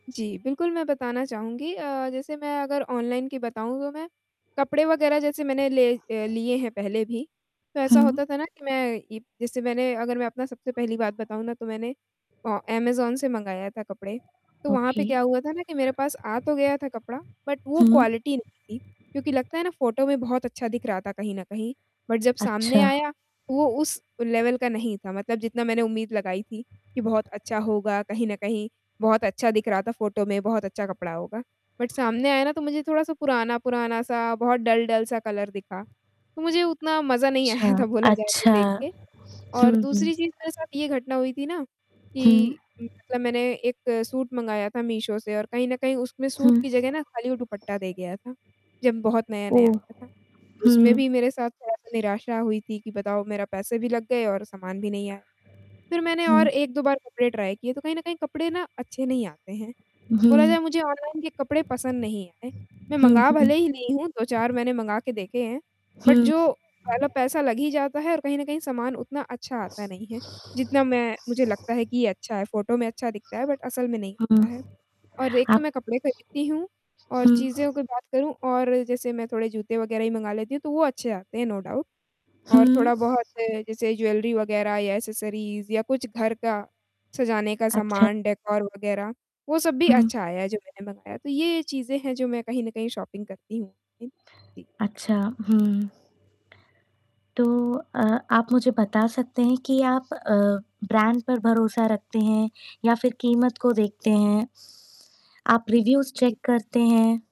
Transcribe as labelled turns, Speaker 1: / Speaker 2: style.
Speaker 1: जी बिल्कुल, मैं बताना चाहूँगी। अ, जैसे मैं अगर ऑनलाइन की बताऊँ तो मैं, कपड़े वग़ैरह जैसे मैंने ले अ, लिए हैं पहले भी, तो ऐसा
Speaker 2: हुँ।
Speaker 1: होता था ना कि मैं ई जैसे मैंने अगर मैं अपना सबसे पहली बात बताऊँ ना तो मैंने अ, अमेज़न से मँगाया था कपड़े। तो वहाँ पे
Speaker 2: ओके।
Speaker 1: क्या हुआ था ना कि मेरे पास आ तो गया था कपड़ा बट वो
Speaker 2: हुँ।
Speaker 1: क्वालिटी नहीं थी क्योंकि लगता है ना फ़ोटो में बहुत अच्छा दिख रहा था कहीं न कहीं, बट जब सामने
Speaker 2: अच्छा।
Speaker 1: आया वो उस लेवल का नहीं था मतलब जितना मैंने उम्मीद लगाई थी, कि बहुत अच्छा होगा कहीं न कहीं, बहुत अच्छा दिख रहा था फ़ोटो में बहुत अच्छा कपड़ा होगा। बट सामने आया ना तो मुझे थोड़ा-सा पुराना-पुराना सा बहुत डल-डल सा कलर दिखा। मुझे उतना मजा नहीं
Speaker 2: छा
Speaker 1: आया था बोला जाए तो
Speaker 2: अच्छा।
Speaker 1: देख के
Speaker 2: हुँ,
Speaker 1: और
Speaker 2: हुँ।
Speaker 1: दूसरी चीज़ मेरे साथ ये घटना हुई थी ना
Speaker 2: हुँ।
Speaker 1: कि, मतलब मैंने 1 सूट मँगाया था मीशो से और कहीं न कहीं उसमें
Speaker 2: हुँ।
Speaker 1: सूट की जगह ना खाली वो दुपट्टा दे गया था, जब बहुत नया-नया
Speaker 2: ओह!
Speaker 1: आया था उसमें
Speaker 2: हुँ।
Speaker 1: भी मेरे साथ थोड़ा-सा निराशा हुई थी कि बताओ मेरा पैसे भी लग गए और सामान भी नहीं आया। फिर मैंने
Speaker 2: हुँ।
Speaker 1: और 1-2 बार कपड़े ट्राय किए तो कहीं न कहीं कपड़े ना अच्छे नहीं आते हैं। बोला
Speaker 2: हुँ।
Speaker 1: जाए मुझे ऑनलाइन के कपड़े पसंद नहीं आए। मैं
Speaker 2: हुँ,
Speaker 1: मँगा
Speaker 2: हुँ
Speaker 1: भले ही ली हूँ 2-4 मैंने मँगा के देखे हैं बट
Speaker 2: हुँ।
Speaker 1: जो पहला पैसा लग ही जाता है और कहीं न कहीं सामान उतना अच्छा आता नहीं है जितना मैं मुझे लगता है कि अच्छा है फ़ोटो में अच्छा दिखता है बट असल में नहीं
Speaker 2: हुँ।
Speaker 1: होता है। और एक तो
Speaker 2: आप
Speaker 1: मैं कपड़े खरीदती हूँ और
Speaker 2: हुँ।
Speaker 1: चीज़ों के बात करूँ और जैसे मैं थोड़े जूते वग़ैरह ही मँगा लेती हूँ, तो वो अच्छे आते हैं नो डाउट। और
Speaker 2: हुँ।
Speaker 1: थोड़ा-बहुत जैसे ज्वेलरी वग़ैरह या एक्सेसरीज़ या कुछ घर का सजाने का
Speaker 2: अच्छा।
Speaker 1: सामान डेकोर वग़ैरह वो सब भी
Speaker 2: हुँ।
Speaker 1: अच्छा आया है जो मैंने मँगाया। तो ये चीज़ें हैं जो मैं कहीं न कहीं शॉपिंग करती हूँ। इन ती
Speaker 2: अच्छा, हुँ। तो अ, आप मुझे बता सकते हैं कि आप अ, ब्रांड पर भरोसा रखते हैं या फिर कीमत को देखते हैं? आप रिव्यूज़
Speaker 1: जी।
Speaker 2: चेक करते हैं?